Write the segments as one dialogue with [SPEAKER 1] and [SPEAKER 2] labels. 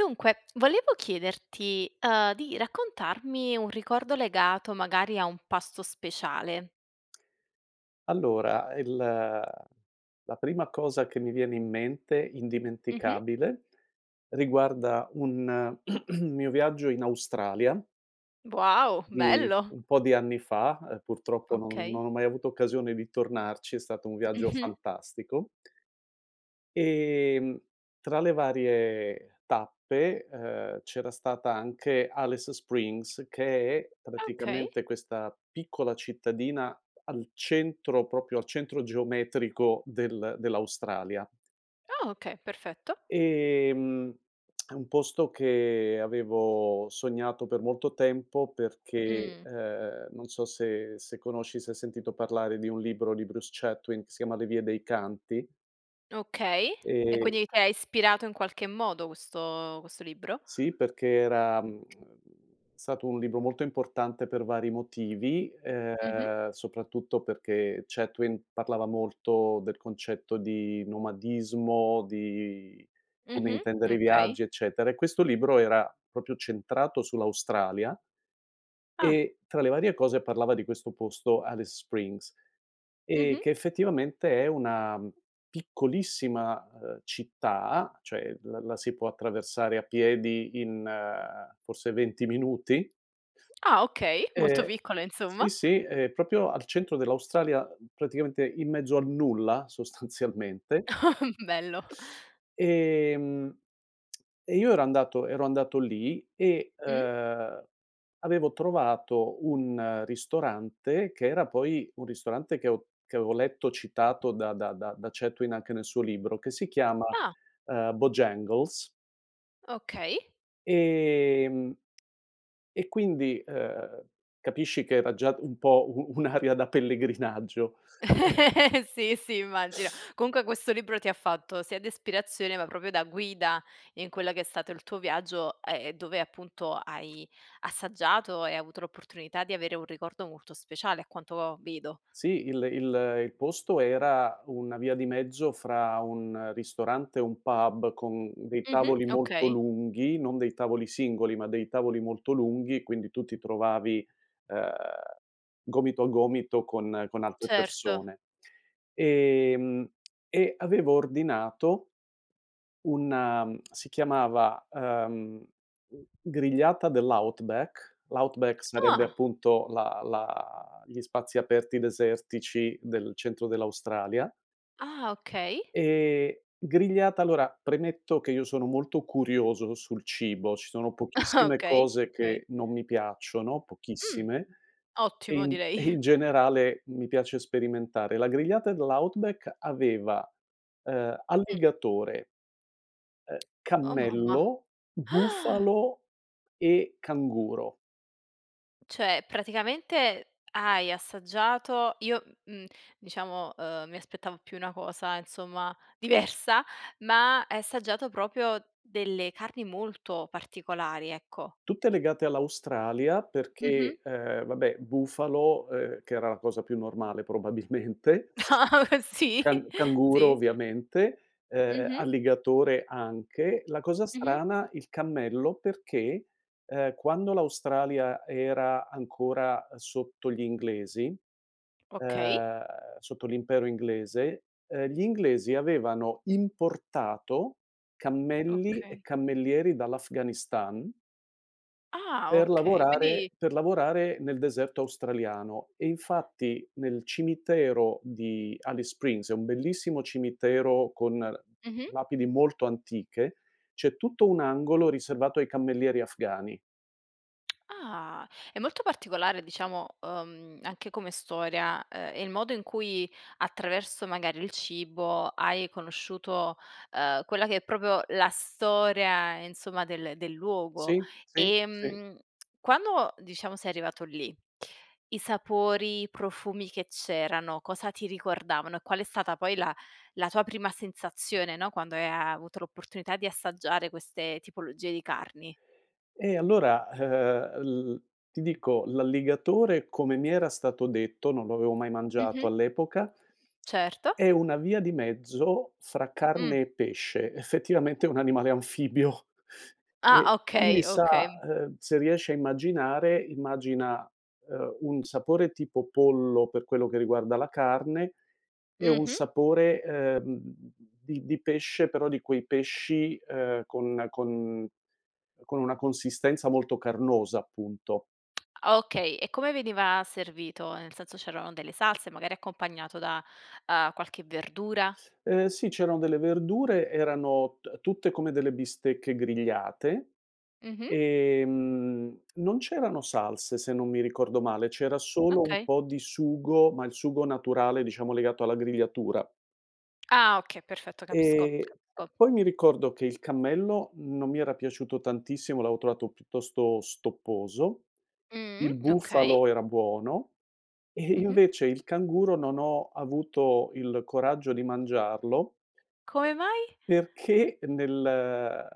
[SPEAKER 1] Dunque, volevo chiederti, uhm, di raccontarmi un ricordo legato magari a un pasto speciale.
[SPEAKER 2] Allora, il ehm, la prima cosa che mi viene in mente,
[SPEAKER 1] Mh-mh.
[SPEAKER 2] indimenticabile, riguarda un mio viaggio in Australia
[SPEAKER 1] Wow,
[SPEAKER 2] di
[SPEAKER 1] bello.
[SPEAKER 2] un po' di anni fa, ehm, purtroppo non non
[SPEAKER 1] Okay.
[SPEAKER 2] ho mai avuto occasione di tornarci, è stato un viaggio
[SPEAKER 1] Mh-mh.
[SPEAKER 2] fantastico. Ehm, tra le varie tappe, ehm, c'era stata anche Alice Springs, che è
[SPEAKER 1] Okay.
[SPEAKER 2] praticamente questa piccola cittadina al centro proprio al centro geometrico del dell'Australia.
[SPEAKER 1] Oh, okay, perfetto.
[SPEAKER 2] Ehm, è un posto che avevo sognato per molto tempo perché,
[SPEAKER 1] Mh.
[SPEAKER 2] ehm, non so se se conosci, se sentito parlare di un libro di Bruce Chatwin che si chiama "Le vie dei canti."
[SPEAKER 1] Okay e
[SPEAKER 2] Ehm
[SPEAKER 1] quindi ti ha ispirato in qualche modo questo questo libro?
[SPEAKER 2] Sì, perché era, mhmm, ehm, è stato un libro molto importante per vari motivi,
[SPEAKER 1] Mh-mh.
[SPEAKER 2] ehm, soprattutto perché Chatwin parlava molto del concetto di nomadismo, di come
[SPEAKER 1] Mh-mh,
[SPEAKER 2] intendere i
[SPEAKER 1] okay.
[SPEAKER 2] viaggi, eccetera e questo libro era proprio centrato sull'Australia
[SPEAKER 1] Ah.
[SPEAKER 2] e tra le varie cose parlava di questo posto, Alice Springs, e
[SPEAKER 1] Mh-mh.
[SPEAKER 2] che effettivamente è una, mhmm, piccolissima, uhm, città, cioè la la si può attraversare a piedi in, forse, 20 minuti
[SPEAKER 1] Ah, okay, molto
[SPEAKER 2] e
[SPEAKER 1] piccola
[SPEAKER 2] sì,
[SPEAKER 1] insomma.
[SPEAKER 2] sì, è proprio al centro dell'Australia, praticamente in mezzo al nulla sostanzialmente.
[SPEAKER 1] Bello.
[SPEAKER 2] Ehm, e io ero andato ero andato lì e,
[SPEAKER 1] Mh.
[SPEAKER 2] ehm, avevo trovato un ristorante, che era poi un ristorante che ho che avevo letto citato da da da da Chatwin anche nel suo libro, che si chiama,
[SPEAKER 1] Ah.
[SPEAKER 2] ehm, Bojangles.
[SPEAKER 1] Okay.
[SPEAKER 2] Ehm, e quindi, ehm, capisci che era già un po' u un'aria da pellegrinaggio. [unintelligible]
[SPEAKER 1] Sì, sì, immagino. Comunque questo libro ti ha fatto sia d'espirazione, ma proprio da guida in quella che è stato il tuo viaggio, a e dove appunto hai assaggiato e hai avuto l'opportunità di avere un ricordo molto speciale, a quanto ho vedo.
[SPEAKER 2] Sì, il ehm, il il posto era una via di mezzo fra un ristorante e un pub con dei
[SPEAKER 1] Mh-mh,
[SPEAKER 2] tavoli molto
[SPEAKER 1] okay.
[SPEAKER 2] lunghi, non dei tavoli singoli ma dei tavoli molto lunghi, quindi tu ti trovavi, ehm, gomito a gomito con con altre
[SPEAKER 1] Certo.
[SPEAKER 2] persone. Ehm, e avevo ordinato un ehm, si chiamava, ehm, [unintelligible] grigliata dell' outback. L' outback sarebbe
[SPEAKER 1] Ah!
[SPEAKER 2] appunto la la gli spazi aperti desertici del centro dell'Australia.
[SPEAKER 1] Ah, okay.
[SPEAKER 2] Ehm, grigliata allora, premetto che io sono molto curioso sul cibo, ci sono
[SPEAKER 1] Ah!
[SPEAKER 2] pochissime
[SPEAKER 1] Okay,
[SPEAKER 2] cose
[SPEAKER 1] okay.
[SPEAKER 2] che non mi piacciono,
[SPEAKER 1] Mh,
[SPEAKER 2] pochissime, e
[SPEAKER 1] ottimo
[SPEAKER 2] in e
[SPEAKER 1] direi.
[SPEAKER 2] in generale mi piace sperimentare. La grigliata dell' outback aveva, ehm,
[SPEAKER 1] Mh.
[SPEAKER 2] alligatore ehm,
[SPEAKER 1] Oh, mamma.
[SPEAKER 2] cammello,
[SPEAKER 1] Ah!
[SPEAKER 2] bufalo e canguro.
[SPEAKER 1] Cioè, praticamente hai assaggiato io, m mhmm, diciamo, uhm, mi aspettavo più una cosa, insomma, diversa, ma hai assaggiato proprio delle carni molto particolari, ecco.
[SPEAKER 2] Tutte legate all'Australia, perché:
[SPEAKER 1] Mh-mh.
[SPEAKER 2] ehm, vabbè, bufalo, ehm, che era la cosa più normale probabilmente
[SPEAKER 1] Sì
[SPEAKER 2] can canguro
[SPEAKER 1] sì.
[SPEAKER 2] ovviamente, ehm,
[SPEAKER 1] Mh-mh.
[SPEAKER 2] alligatore anche, la cosa
[SPEAKER 1] Mh-mh.
[SPEAKER 2] strana il cammello perché, ehm, quando l'Australia era ancora sotto gli inglesi,
[SPEAKER 1] Okay.
[SPEAKER 2] ehm, sotto l'impero inglese, ehm, gli inglesi avevano importato cammelli e
[SPEAKER 1] Okay.
[SPEAKER 2] cammellieri dall'Afghanistan
[SPEAKER 1] Ah,
[SPEAKER 2] per
[SPEAKER 1] okay. Quindi
[SPEAKER 2] lavorare per lavorare nel deserto australiano, e infatti nel cimitero di Alice Springs, è un bellissimo cimitero con
[SPEAKER 1] Mh-mh.
[SPEAKER 2] lapidi molto antiche, c'è tutto un angolo riservato ai cammellieri afghani.
[SPEAKER 1] Ah. È molto particolare diciamo, uhm, anche come storia, ehm, il modo in cui attraverso magari il cibo hai conosciuto, ehm, quella che è proprio la storia, insomma, del del luogo.
[SPEAKER 2] Sì, sì, sì.
[SPEAKER 1] Ehm, quando diciamo sei arrivato lì, i sapori, i profumi che c'erano cosa ti ricordavano? E qual è stata poi la la tua prima sensazione, no, quando hai a avuto la possibilità di assaggiare queste tipologia di carni?
[SPEAKER 2] Ehm, allora, eh-eh, il ti dico, l'alligatore come mi era stato detto, non lo avevo mai mangiato
[SPEAKER 1] Mh-mh.
[SPEAKER 2] all'epoca
[SPEAKER 1] Certo.
[SPEAKER 2] è una via di mezzo fra
[SPEAKER 1] Mh.
[SPEAKER 2] carne e pesce, effettivamente è un animale anfibio.
[SPEAKER 1] Ah,
[SPEAKER 2] E quindi,
[SPEAKER 1] okay,
[SPEAKER 2] sa
[SPEAKER 1] okay.
[SPEAKER 2] ehm, se riesci a immaginare, immagina, ehm, un sapore tipo pollo per quello che riguarda la carne, e un
[SPEAKER 1] Mh-mh.
[SPEAKER 2] sapore, ehm, di di pesce però di quei pesci, ehm, conna con con una consistenza molto carnosa, appunto.
[SPEAKER 1] Ah, okay. E come veniva servito, nel senso: c'erano delle salse, magari, accompagnato da, uhm, qualche verdura?
[SPEAKER 2] Ehm, sì, c'erano delle verdure, erano ta tutte come delle bistecche grigliate,
[SPEAKER 1] Mh-mh.
[SPEAKER 2] ehm, non c'erano salse, se non mi ricordo male, c'era solo un
[SPEAKER 1] Okay.
[SPEAKER 2] po' di sugo, ma il sugo naturale, diciamo, legato alla grigliatura.
[SPEAKER 1] Ah, okay. Perfetto, capisco,
[SPEAKER 2] Ehm,
[SPEAKER 1] capisco.
[SPEAKER 2] poi mi ricordo che il cammello non mi era piaciuto tantissimo, l'avevo trovato piuttosto stopposo.
[SPEAKER 1] Mh,
[SPEAKER 2] Il
[SPEAKER 1] mh. okay.
[SPEAKER 2] bufalo era buono, e
[SPEAKER 1] Mh-mh.
[SPEAKER 2] invece il canguro non ho avuto il coraggio di mangiarlo
[SPEAKER 1] Come mai?
[SPEAKER 2] perché nel ehm,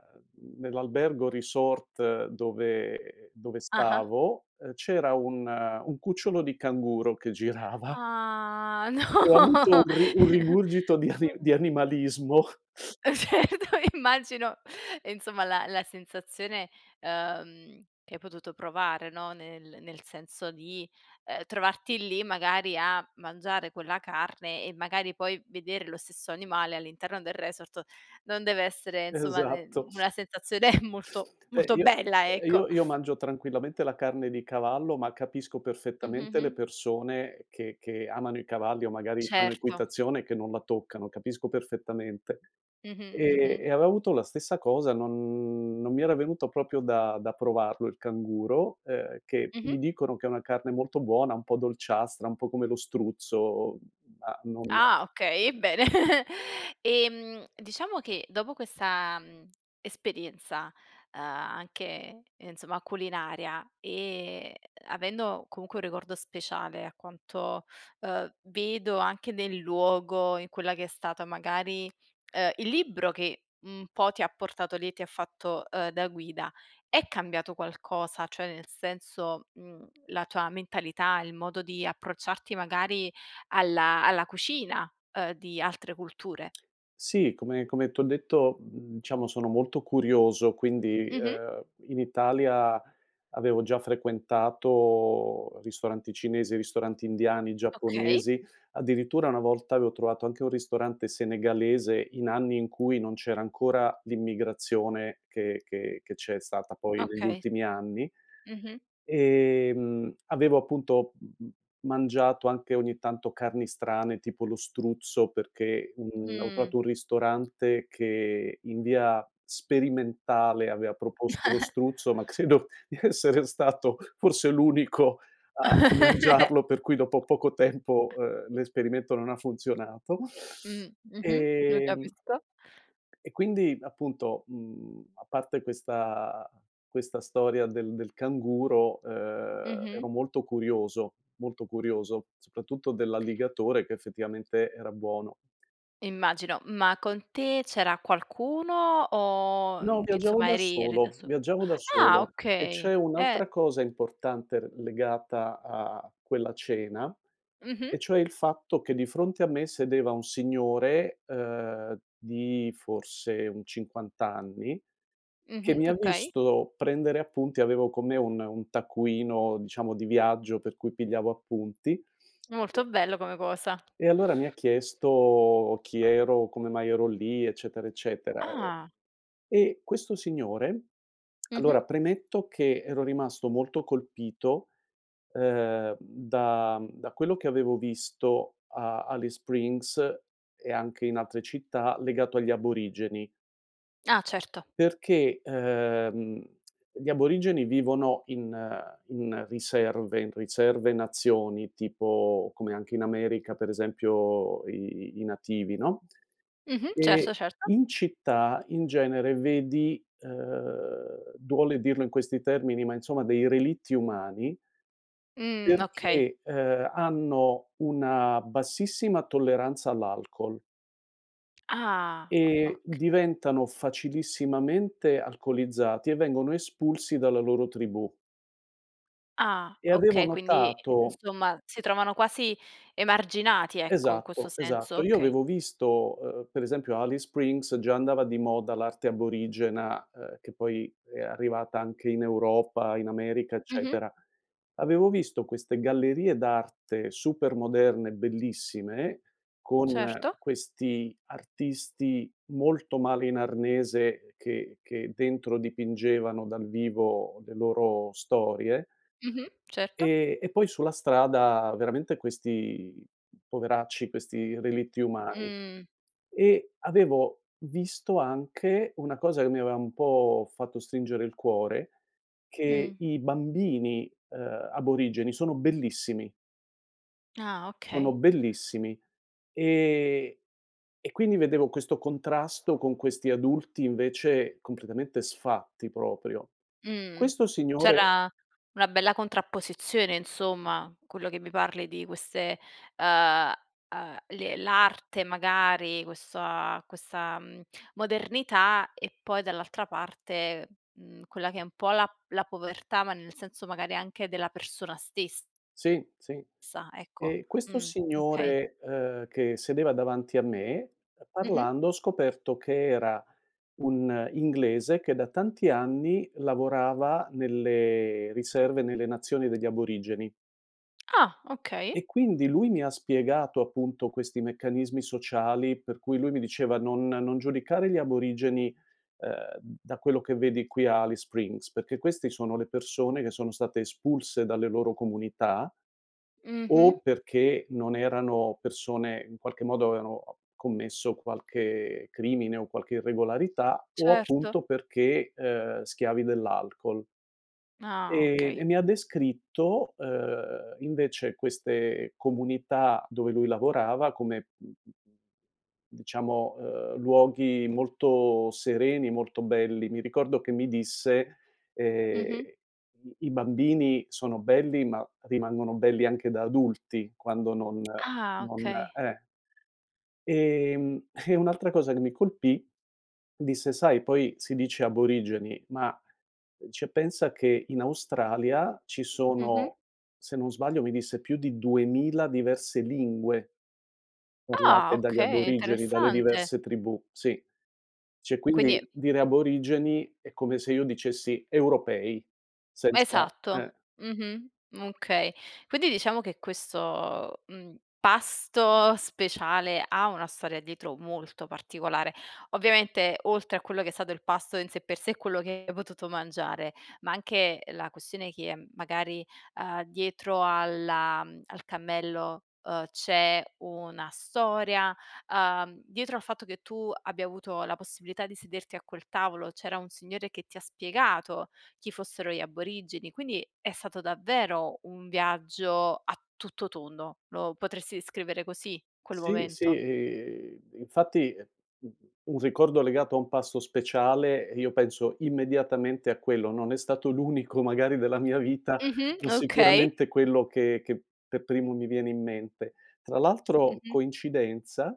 [SPEAKER 2] nell'albergo resort dove dove
[SPEAKER 1] Ah-ah.
[SPEAKER 2] stavo, ehm, c'era un ehm, un cucciolo di canguro che girava
[SPEAKER 1] Ah, no!
[SPEAKER 2] e ho avuto un ri un rigurgito di ani
[SPEAKER 1] [unintelligible]
[SPEAKER 2] di animalismo.
[SPEAKER 1] Eh, certo, e immagino e insomma, la la sensazione, uhm, che hai potuto provare, no, nel nel senso di, ehm, trovarti lì magari a mangiare quella carne e magari poi vedere lo stesso animale all'interno del resort, non dev'essere insomma ne
[SPEAKER 2] Esatto.
[SPEAKER 1] una sensazione molto
[SPEAKER 2] Beh,
[SPEAKER 1] molto
[SPEAKER 2] io
[SPEAKER 1] bella,
[SPEAKER 2] ehm,
[SPEAKER 1] ecco.
[SPEAKER 2] io io mangio tranquillamente la carne di cavallo, ma capisco perfettamente le
[SPEAKER 1] Mh-mh-mh.
[SPEAKER 2] persone che che amano i cavalli o magari fanno
[SPEAKER 1] Certo.
[SPEAKER 2] equitazione che non la toccano, capisco perfettamente.
[SPEAKER 1] Mh-mh,
[SPEAKER 2] Ehm,
[SPEAKER 1] mh-mh.
[SPEAKER 2] e avevo avuto la stessa cosa, non non mi era venuto proprio da da provarlo il canguro, ehm, che mi
[SPEAKER 1] Mh-mh.
[SPEAKER 2] dicono che è una carne molto buona, un po' dolciastra, un po' come lo struzzo, ma non
[SPEAKER 1] Ah, okay, eh, bene! Ehm, diciamo che dopo questa, mhmm, esperienza, uhm, anche, insomma, culinaria, e avendo comunque un ricordo speciale a quanto, uhm, vedo anche nel luogo, in quella che è stata magari ehm, il libro che un po' ti ha portato lì e ti ha fatto, uhm, da guida, è cambiato qualcosa? Cioè, nel senso, mhmm, la tua mentalità, il modo di approcciarti magari alla alla cucina, uhm, di altre culture?
[SPEAKER 2] Sì, come come t'ho detto, mhmm, diciamo sono molto curioso, quindi
[SPEAKER 1] Mh-mh.
[SPEAKER 2] ehm, in Italia avevo già frequentato ristoranti cinesi, ristoranti indiani,
[SPEAKER 1] Okay.
[SPEAKER 2] giapponesi, addirittura una volta avevo trovato anche un ristorante senegalese in anni in cui non c'era ancora l'immigrazione che che che c'è stata poi negli
[SPEAKER 1] Okay.
[SPEAKER 2] ultimi anni.
[SPEAKER 1] Mh-mh.
[SPEAKER 2] Ehm, avevo appunto m m mangiato anche ogni tanto carni strane tipo lo struzzo perché, mhmm, avevo
[SPEAKER 1] Mh.
[SPEAKER 2] trovato un ristorante che in via sperimentale aveva proposto lo struzzo, ma credo di essere stato forse l'unico a a mangiarlo, per cui dopo poco tempo, ehm, l'esperimento non ha funzionato,
[SPEAKER 1] Mh, mh-mh. Lo
[SPEAKER 2] ehm
[SPEAKER 1] capisco.
[SPEAKER 2] e quindi, appunto, mhmm, a parte questa questa storia del del canguro, ehm,
[SPEAKER 1] Mh-mh.
[SPEAKER 2] ero molto curioso, molto curioso, soprattutto dell'alligatore che effettivamente era buono.
[SPEAKER 1] Immagino. Ma con te c'era qualcuno, o
[SPEAKER 2] No,
[SPEAKER 1] in
[SPEAKER 2] viaggiavo
[SPEAKER 1] insomma
[SPEAKER 2] da
[SPEAKER 1] eri eri da
[SPEAKER 2] solo,
[SPEAKER 1] so
[SPEAKER 2] viaggiavo da
[SPEAKER 1] ah,
[SPEAKER 2] solo e c'è
[SPEAKER 1] okay. Eh.
[SPEAKER 2] un'altra cosa importante r legata a quella cena,
[SPEAKER 1] Mh-mh.
[SPEAKER 2] e cioè il fatto che di fronte a me sedeva un signore, uhm, di forse un 50 anni che
[SPEAKER 1] Mh-mh.
[SPEAKER 2] mi ha
[SPEAKER 1] Okay.
[SPEAKER 2] visto prendere appunti avevo con me un ehm, un taccuino diciamo di viaggio per cui pigliavo appunti
[SPEAKER 1] Molto bello come cosa.
[SPEAKER 2] e allora mi ha chiesto: "Chi ero? Come mai ero lì?" Eccetera, eccetera, e
[SPEAKER 1] Ah.
[SPEAKER 2] e questo signore
[SPEAKER 1] Mh-mh.
[SPEAKER 2] allora, premetto che ero rimasto molto colpito, ehm, da mhmm, da quello che avevo visto a Alice Springs e anche in altre città legato agli aborigeni
[SPEAKER 1] Ah, certo.
[SPEAKER 2] perché, ehm, gli aborigeni vivono in ehm, in riserve in riserve nazioni, tipo come anche in America, per esempio, i i nativi, no,
[SPEAKER 1] Mh-mh, certo,
[SPEAKER 2] e
[SPEAKER 1] certo.
[SPEAKER 2] in città in genere vedi, ehm, duole dirlo in questi termini, ma insomma dei relitti umani
[SPEAKER 1] Mh, okay.
[SPEAKER 2] perché, ehm, hanno una bassissima tolleranza all'alcol
[SPEAKER 1] Ah,
[SPEAKER 2] e
[SPEAKER 1] okay.
[SPEAKER 2] diventano facilissimamente alcolizzati e vengono espulsi dalla loro tribù.
[SPEAKER 1] Ah,
[SPEAKER 2] E avevo
[SPEAKER 1] okay. Quindi,
[SPEAKER 2] notato
[SPEAKER 1] insomma, si trovano quasi emarginati, ecco, in questo
[SPEAKER 2] esatto,
[SPEAKER 1] senso?
[SPEAKER 2] esatto, io
[SPEAKER 1] Okay.
[SPEAKER 2] avevo visto uhm, per esempio a Alice Springs già andava di moda l'arte aborigena, ehm, che poi è arrivata anche in Europa, in America,
[SPEAKER 1] Mh-mh.
[SPEAKER 2] eccetera. Avevo visto queste gallerie d'arte super moderne, bellissime, con
[SPEAKER 1] Certo.
[SPEAKER 2] questi artisti molto male in arnese che che dentro dipingevano dal vivo le loro storie
[SPEAKER 1] Mh-mh. Certo.
[SPEAKER 2] e e poi sulla strada veramente questi poveracci, questi relitti umani,
[SPEAKER 1] Mh.
[SPEAKER 2] e avevo visto anche una cosa che mi aveva un po' fatto stringere il cuore:
[SPEAKER 1] Mh.
[SPEAKER 2] che i bambini, uhm, aborigeni sono bellissimi
[SPEAKER 1] Ah,
[SPEAKER 2] sono
[SPEAKER 1] okay.
[SPEAKER 2] bellissimi. Ehm, e quindi vedevo questo contrasto con questi adulti, invece, completamente sfatti proprio.
[SPEAKER 1] Mh.
[SPEAKER 2] Questo signore
[SPEAKER 1] C'era una bella contrapposizione, insomma. Quello che mi parli di queste, uhm uhm, le l'arte magari, questo a questa, mhmm, modernità e poi dall'altra parte, mhmm, quella che è un po' la la povertà ma nel senso magari anche della persona stes
[SPEAKER 2] Sì, sì.
[SPEAKER 1] sa, ecco.
[SPEAKER 2] Ehm, questo
[SPEAKER 1] Mh, okay.
[SPEAKER 2] signore, ehm, che sedeva davanti a me,
[SPEAKER 1] Mh-mh.
[SPEAKER 2] parlando ho scoperto che era un inglese che da tanti anni lavorava nelle riserve nelle nazioni degli aborigeni.
[SPEAKER 1] Ah, okay.
[SPEAKER 2] E quindi lui mi ha spiegato, appunto, questi meccanismi sociali per cui lui mi diceva: "Non non giudicare gli aborigeni, ehm, da quello che vedi qui a Alice Springs, perché questi sono le persone che sono state espulse dalle loro comunità
[SPEAKER 1] Mh-mh.
[SPEAKER 2] o perché non erano persone in qualche modo avevano commesso qualche crimine o qualche irregolarità, o appunto
[SPEAKER 1] Certo.
[SPEAKER 2] perché, ehm, schiavi dell'alcol."
[SPEAKER 1] Ah,
[SPEAKER 2] Ehm,
[SPEAKER 1] okay.
[SPEAKER 2] e mi ha descritto, ehm, invece queste comunità dove lui lavorava come diciamo, ehm, luoghi molto sereni, molto belli. Mi ricordo che mi disse, ehm:
[SPEAKER 1] Mh-mh.
[SPEAKER 2] "I i bambini sono belli, ma rimangono belli anche da adulti quando non
[SPEAKER 1] Ah,
[SPEAKER 2] non"
[SPEAKER 1] okay.
[SPEAKER 2] eh. Ehm, e un'altra cosa che mi colpì, disse: "Sai, poi si dice aborigeni ma cioè, pensa che in Australia ci
[SPEAKER 1] Mh-mh.
[SPEAKER 2] sono" se non sbaglio, mi disse: "Più di 2000 diverse lingue"
[SPEAKER 1] Ah!
[SPEAKER 2] "parlate dagli
[SPEAKER 1] Okay,
[SPEAKER 2] aborigeni, dalle
[SPEAKER 1] interessante.
[SPEAKER 2] diverse tribù," sì. Cioè,
[SPEAKER 1] Quindi
[SPEAKER 2] quindi dire aborigeni è come se io dicessi europei,
[SPEAKER 1] M
[SPEAKER 2] senza
[SPEAKER 1] esatto.
[SPEAKER 2] eh.
[SPEAKER 1] Mh-mh. Okay. Quindi diciamo che questo, mhmm, pasto speciale ha una storia dietro molto particolare. Ovviamente, oltre a quello che è stato il pasto in sé per sé e quello che hai potuto mangiare ma anche la questione che magari, ehm, dietro alla al cammello, uhm, c'è una storia, uhm, dietro al fatto che tu abbia avuto la possibilità di sederti a quel tavolo c'era un signore che ti ha spiegato chi fossero gli aborigeni, quindi è stato davvero un viaggio a tutto tondo, lo potresti descrivere così quel
[SPEAKER 2] Sì, sì,
[SPEAKER 1] momento?
[SPEAKER 2] i infatti, [unintelligible] u un ricordo legato a un passo speciale, eh, io penso immediatamente a quello. Non è stato l'unico magari della mia vita,
[SPEAKER 1] Mh-mh.
[SPEAKER 2] ma
[SPEAKER 1] Okay.
[SPEAKER 2] sicuramente è quello che che per primo mi viene in mente. Tra l'altro,
[SPEAKER 1] Mh-mh.
[SPEAKER 2] coincidenza,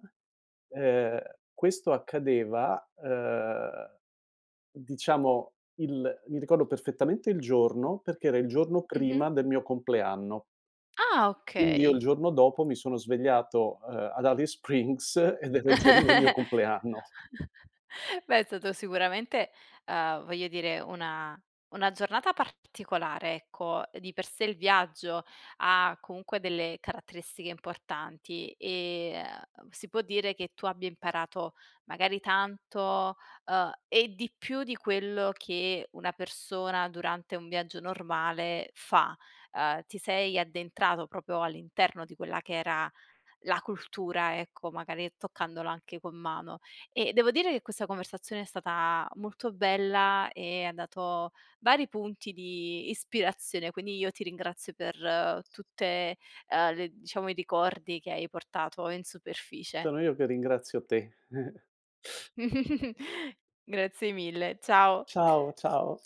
[SPEAKER 2] ehm, questo accadeva, ehm, diciamo il mi ricordo perfettamente il giorno, perché era il giorno
[SPEAKER 1] Mh-mh.
[SPEAKER 2] prima del mio compleanno.
[SPEAKER 1] Ah,
[SPEAKER 2] Quindi io il
[SPEAKER 1] okay.
[SPEAKER 2] giorno dopo mi sono svegliato, ehm, ad Alice Springs, ed era il giorno del mio compleanno.
[SPEAKER 1] Beh, è stato sicuramente uhm, voglio dire una una giornata particolare, ecco. Di per sé il viaggio ha comunque delle caratteristiche importanti e, uhm, si può dire che tu abbia imparato magari tanto, uhm, e di più di quello che una persona durante un viaggio normale fa. Uhm, ti sei addentrato proprio all'interno di quella che era la cultura, ecco, magari toccandola anche con mano. Ehm, devo dire che questa conversazione è stata molto bella e ha dato vari punti di ispirazione, quindi io ti ringrazio per tutte, uhm, le diciamo, i ricordi che hai portato in superficie.
[SPEAKER 2] Sono io che ringrazio te.
[SPEAKER 1] Grazie mille, ciao.
[SPEAKER 2] Ciao, ciao.